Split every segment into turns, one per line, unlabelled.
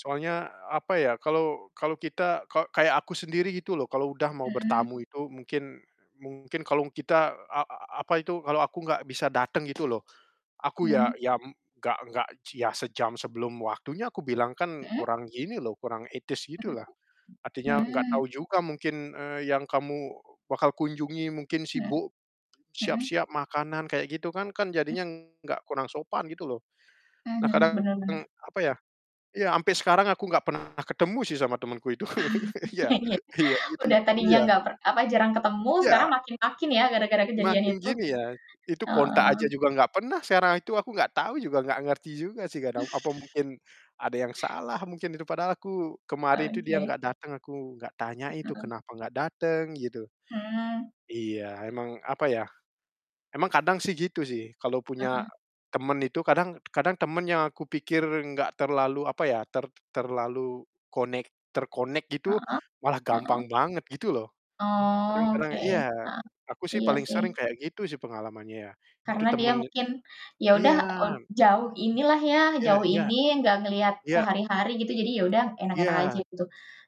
Soalnya, apa ya, kalau kalau kita ka kayak aku sendiri gitu loh kalau udah mau
Mhm.
bertamu itu mungkin mungkin kalung kita a a apa itu, kalau aku nggak bisa dateng gitu loh, aku
Mmm.
ya ya m nggak nggak ci ya sejam sebelum waktunya kubilang kan
Mhm?
kurang gini loh, kurang etis gitu
Mhm,
lah. Artinya nggak tahu
mhm.
juga mungkin, eee, yang kamu bakal kunjungi mungkin
Mhm,
sibuk,
mhm.
siap-siap makanan kayak gitu kan kan
Mmm.
jadinya nggak kurang sopan gitu loh.
Mmm,
Nah,
mhm,
kadang,
bener bener.
apa ya, ya sampai sekarang aku nggak pernah ketemu sih sama temenku itu. Iya
Iya iya.
iya, gitu,
Udah tadinya
iya.
nggak per apa, jarang ketemu sekarang
Iya.
makin yakin ya gara-gara kejadian
Semakin
itu?
gini ya, itu kontak aja
Oh.
juga nggak pernah, sera itu aku nggak tau juga nggak ngerti juga sih kadang, apa mungkin ada yang salah mungkin itu padahal aku kemarin itu dia
Oke.
nggak datang aku nggak tanya itu
[unintelligible]
kenapa nggak dateng, gitu.
Mhm.
Iya, emang, apa ya, emang kadang sih gitu sih, kalau punya
Heeh.
temen itu kadang kadang temen yang aku pikir nggak terlalu, apa ya, ter terlalu konek terkonek gitu,
Heeh?
malah
Heeh.
gampang banget, gitu loh.
Oh,
Kadang-kadang
oke,
iya,
heeh,
aku sih
iya
paling sering
sih.
kayak gitu sih pengalamannya ya, itu
Karena dia
temen
mungkin, ya udah
iya.
ot jauh ini lah ya
Iya
jauh
iya,
ini, ya nggak ngeliat
iya.
sehari-hari gitu, jadi ya udah enak-enak aja
Iya.
gitu.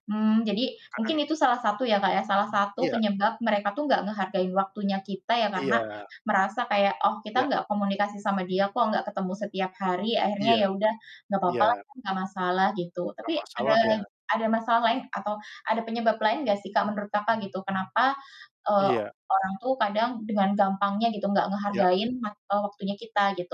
Mmm, jadi mungkin
Kadang
itu salah satu ya Kak, ya, salah satu
Iya.
penyebab mereka tuh nggak ngehargain waktunya kita ya karena
Iya.
merasa kayak, "Oh, kita
Iya.
nggak komunikasi sama dia kok, nggak ketemu setiap hari. Akhirnya
Iya,
ya udah nggak apa-apa lah
iya.
kan nggak masalah," gitu. Tapi,
Nggak
ada
masalah ya?
ada masalah lain atau ada penyebab lain nggak sih Kak, menurut Kakak, gitu, kenapa, eee,
Iya.
orang tuh kadang dengan gampangnya gitu, nggak
Iya.
ngehargain [unintelligible] waktunya kita, gitu?